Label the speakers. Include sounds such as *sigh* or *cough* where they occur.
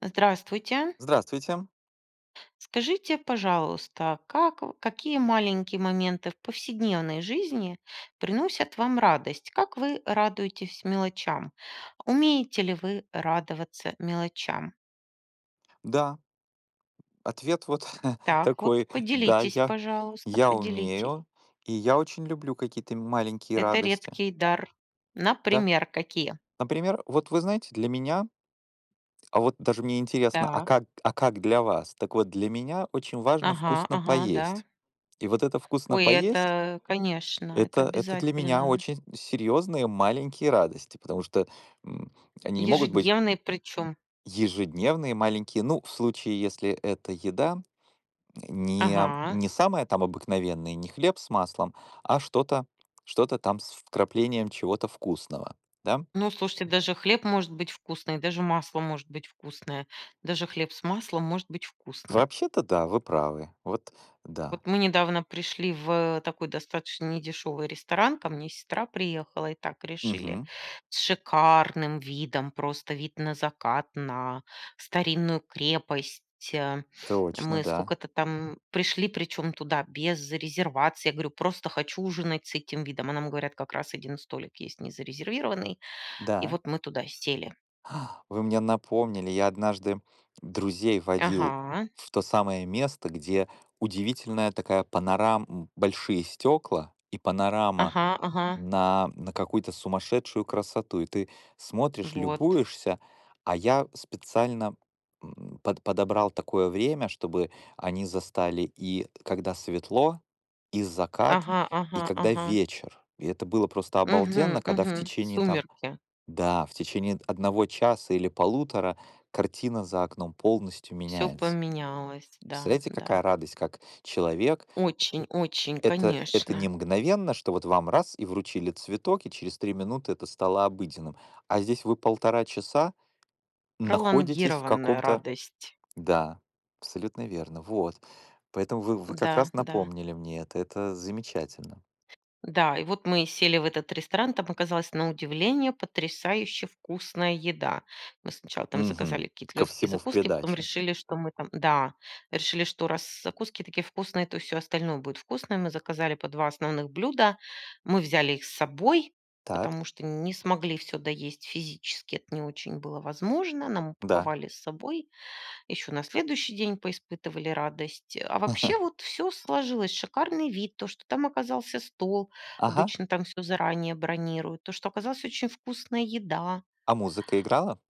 Speaker 1: Здравствуйте.
Speaker 2: Здравствуйте.
Speaker 1: Скажите, пожалуйста, как какие маленькие моменты в повседневной жизни приносят вам радость? Как вы радуетесь мелочам? Умеете ли вы радоваться мелочам?
Speaker 2: Да. Ответ вот, э, *chuckles*
Speaker 1: Так вот,
Speaker 2: такой: да,
Speaker 1: поделитесь,
Speaker 2: я
Speaker 1: пожалуйста,
Speaker 2: я
Speaker 1: поделитесь.
Speaker 2: умею, и я очень люблю какие-то м маленькие
Speaker 1: Это
Speaker 2: радости.
Speaker 1: редкий дар.
Speaker 2: Да.
Speaker 1: Например, какие?
Speaker 2: Например, вот, вы знаете, для меня а вот даже мне интересно, а
Speaker 1: Так.
Speaker 2: как а как для вас? Так вот, для меня очень важно
Speaker 1: Ага,
Speaker 2: вкусно
Speaker 1: ага, да.
Speaker 2: поесть. И вот это вкусно
Speaker 1: Ой,
Speaker 2: поесть
Speaker 1: это, конечно, это
Speaker 2: это это для меня
Speaker 1: обязательно.
Speaker 2: очень серьёзные маленькие радости, потому что, м, они не могут быть
Speaker 1: Ежедневный, причём.
Speaker 2: Ежедневные маленькие. Ну, в случае, если эта еда не
Speaker 1: Ага.
Speaker 2: не самая там обыкновенная, не хлеб с маслом, а что-то что-то там с вкраплением чего-то вкусного, да?
Speaker 1: Ну, слушайте, даже хлеб может быть вкусный, даже масло может быть вкусное, даже хлеб с маслом может быть вкусным.
Speaker 2: Вообще-то да, вы правы. Вот да.
Speaker 1: Вот мы недавно пришли в, э, такой достаточно недешёвый ресторан. Ко мне сестра приехала, и так решили,
Speaker 2: Мгм.
Speaker 1: с шикарным видом, просто вид на закат, на старинную крепость, э.
Speaker 2: Точно,
Speaker 1: Мы
Speaker 2: да.
Speaker 1: скока-то там пришли, причём туда без резервации. Я говорю: "Просто хочу ужинать с этим видом". А нам говорят: "Как раз 1 столик есть незарезервированный". И
Speaker 2: Да.
Speaker 1: вот мы туда сели.
Speaker 2: А, вы мне напомнили. Я однажды друзей водил
Speaker 1: Ага.
Speaker 2: в то самое место, где удивительная такая панорам м, большие стёкла и панорама
Speaker 1: Ага ага.
Speaker 2: на на какую-то сумасшедшую красоту. И ты смотришь,
Speaker 1: Вот.
Speaker 2: любуешься. А я специально, м, под подобрал такое время, чтобы они застали и когда светло, и закат,
Speaker 1: Ага,
Speaker 2: и
Speaker 1: ага,
Speaker 2: когда
Speaker 1: ага.
Speaker 2: вечер. И это было просто
Speaker 1: Мгм,
Speaker 2: обалденно, когда в
Speaker 1: мгм,
Speaker 2: течение там
Speaker 1: сумерки.
Speaker 2: да, в течение 1 часа или 1.5 картина за окном полностью
Speaker 1: Всё
Speaker 2: меняется.
Speaker 1: поменялось. Да,
Speaker 2: Представляете,
Speaker 1: да.
Speaker 2: какая радость, как человек
Speaker 1: Очень очень,
Speaker 2: Это это не
Speaker 1: конечно.
Speaker 2: мгновенно, что вот вам раз и вручили цветок, и через 3 минуты это стало обыденным. А здесь вы 1,5 часа находитесь в
Speaker 1: Пролонгированная
Speaker 2: каком-то
Speaker 1: радость.
Speaker 2: Да, абсолютно верно. Вот, поэтому вы вы как
Speaker 1: Н-да,
Speaker 2: раз
Speaker 1: да.
Speaker 2: напомнили мне это. Это замечательно.
Speaker 1: Да, и вот мы сели в этот ресторан. Там оказалась на удивление потрясающе вкусная еда. Мы сначала там
Speaker 2: Мгм.
Speaker 1: заказали какие-то
Speaker 2: Ко
Speaker 1: лёгкие
Speaker 2: всему в
Speaker 1: закуски, потом
Speaker 2: придачу.
Speaker 1: решили, что мы там да, решили, что раз закуски такие вкусные, то и всё остальное будет вкусное. Мы заказали по 2 основных блюда. Мы взяли их с собой,
Speaker 2: Так.
Speaker 1: потому что не смогли всё доесть физически. Это не очень было возможно. Нам
Speaker 2: Да.
Speaker 1: упаковали с собой. Ещё на следующий день поиспытывали радость. А вообще, вот, всё
Speaker 2: *chuckles*
Speaker 1: сложилось: шикарный вид, то, что там оказался стол,
Speaker 2: Ага.
Speaker 1: обычно там всё заранее бронируют, то, что оказалась очень вкусная еда.
Speaker 2: А музыка играла?